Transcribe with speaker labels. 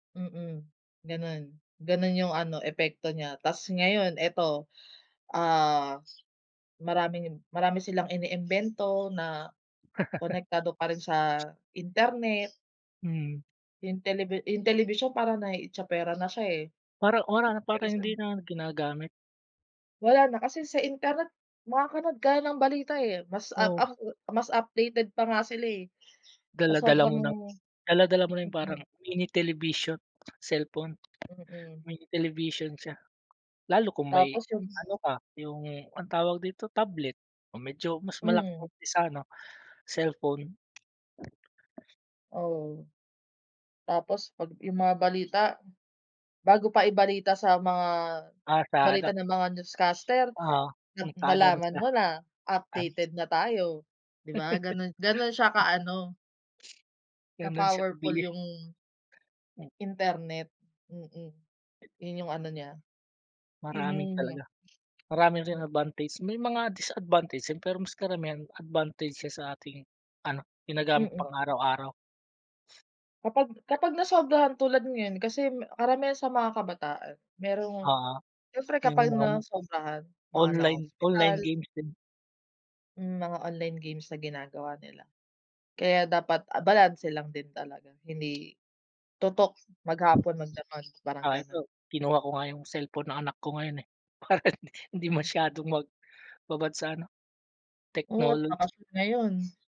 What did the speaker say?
Speaker 1: Mm, gano'n, gano'n yung ano epekto niya, tas ngayon ito, ah, maraming-marami silang iniimbento na konektado pa rin sa internet.
Speaker 2: Mm.
Speaker 1: Yung telebi yung telebisyon para naiitsapuwera na siya, eh.
Speaker 2: Parang wala na,
Speaker 1: Para
Speaker 2: parang
Speaker 1: sam
Speaker 2: hindi na ginagamit.
Speaker 1: Wala na, kasi sa internet makakanood ka na ng balita, eh, mas up
Speaker 2: Oo.
Speaker 1: ang, oh, mas updated pa nga sila, eh, sa
Speaker 2: Dala-dala mo na,
Speaker 1: sobrang
Speaker 2: dala-dala mo na yung parang
Speaker 1: mm.
Speaker 2: mini televison, cellphone,
Speaker 1: Mm.
Speaker 2: mini television siya lalo kung may
Speaker 1: Tapos yung
Speaker 2: ano ka, yung anong tawag dito tablet o medyo mas malaki
Speaker 1: Hmm.
Speaker 2: kesa ano, cellphone.
Speaker 1: Ow! Tapos pag yung mga balita, bago pa ibalita sa mga
Speaker 2: Ah, sa ano.
Speaker 1: balita ng mga newscaster,
Speaker 2: Oo,
Speaker 1: na
Speaker 2: nakaano na
Speaker 1: nalaman
Speaker 2: siya
Speaker 1: mo na
Speaker 2: at.
Speaker 1: updated na tayo, di ba, ganun ganun siya ka ano. Ka
Speaker 2: Ganon siya
Speaker 1: powerful
Speaker 2: kabilis.
Speaker 1: yung
Speaker 2: M
Speaker 1: internet, mm, yun yung ano niya, yun
Speaker 2: Maraming
Speaker 1: yung
Speaker 2: talaga, marami
Speaker 1: Hmm.
Speaker 2: rin advantage may mga disadvantage yan pero mas karamihan advantage siya sa ating ano, ginagamit
Speaker 1: Mm.
Speaker 2: pang araw-araw.
Speaker 1: Kapag kapag nasobrahan tulad ngayon kasi karamihan sa mga kabataan merong
Speaker 2: Oo,
Speaker 1: siyempre
Speaker 2: yung
Speaker 1: kapag
Speaker 2: mga
Speaker 1: nasobrahan mga
Speaker 2: online, online
Speaker 1: naho-hospital.
Speaker 2: games din.
Speaker 1: Hmm, mga online games na ginagawa nila, kaya dapat, ah, balanse lang din talaga, hindi tutok maghapon, magdamag, parang
Speaker 2: Oh, ito,
Speaker 1: gano'n.
Speaker 2: kinuha ko nga yung cellphone ng anak ko ngayon, eh, para hindi, hindi
Speaker 1: Hmm.
Speaker 2: masyadong magbabad sa ano,
Speaker 1: Oo at
Speaker 2: technology.
Speaker 1: bakasyon ngayon.